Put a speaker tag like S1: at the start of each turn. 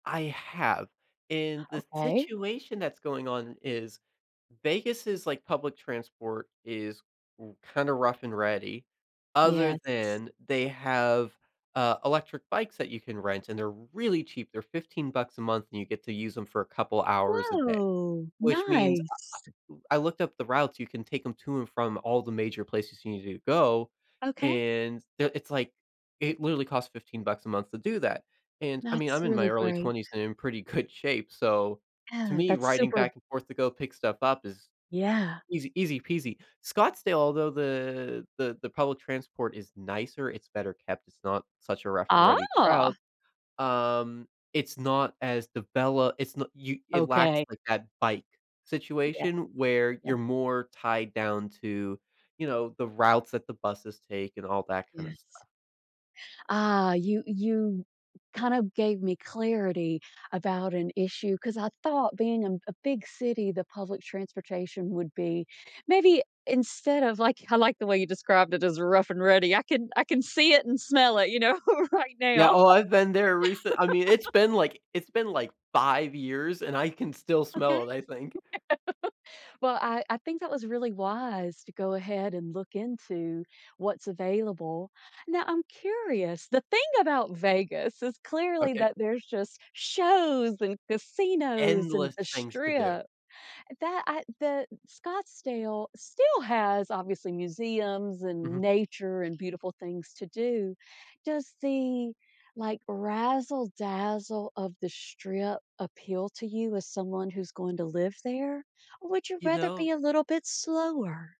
S1: I have, and the
S2: Okay.
S1: situation that's going on is Vegas is like public transport is r kinda rough and ready, other
S2: Yes.
S1: than they have, uh, electric bikes that you can rent, and they're really cheap, they're 15 bucks a month and you get to use them for a couple hours a day.
S2: Whoa,
S1: Which means,
S2: nice.
S1: I I I looked up the routes, you can take 'em to and from all the major places you needed to go,
S2: Okay.
S1: and they'll it's like, it literally costs 15 bucks a month to do that, and I mean,
S2: That's
S1: I'm in my
S2: really
S1: early
S2: great.
S1: 20s and I'm in pretty good shape, so, to
S2: Yeah,
S1: me,
S2: that's
S1: riding
S2: super
S1: back and forth to go pick stuff up is
S2: Yeah.
S1: easy easy peasy. Scottsdale, although the the the public transport is nicer, it's better kept, it's not such a rough and ready
S2: Ah.
S1: route, um, it's not as develop it's not you it lacks,
S2: Okay.
S1: like, that bike
S2: Yes.
S1: situation where
S2: Yeah.
S1: you're more tied down to, you know, the routes that the buses take and all that kind of
S2: Yes.
S1: stuff.
S2: Ah, you you kind of gave me clarity about an issue, 'cause I thought being a m a big city, the public transportation would be maybe instead of like I like the way you described it as rough and ready, I can I can see it and smell it, you know, right
S1: Yeah,
S2: now.
S1: oh, I've been there recent I mean, it's been like it's been like 5 years, and I can still
S2: Okay.
S1: smell it, I think.
S2: Well, I I think that was really wise to go ahead and look into what's available. Now, I'm curious, the thing about Vegas is clearly
S1: Okay.
S2: that there's just shows and casinos and
S1: Endless
S2: the
S1: things to do.
S2: strip, that I the Scottsdale still has obviously museums and
S1: Mhm.
S2: nature and beautiful things to do. Does the, like, razzle-dazzle of the strip appeal to you as someone who's going to live there, or would you
S1: You
S2: rather
S1: know
S2: be a little bit slower?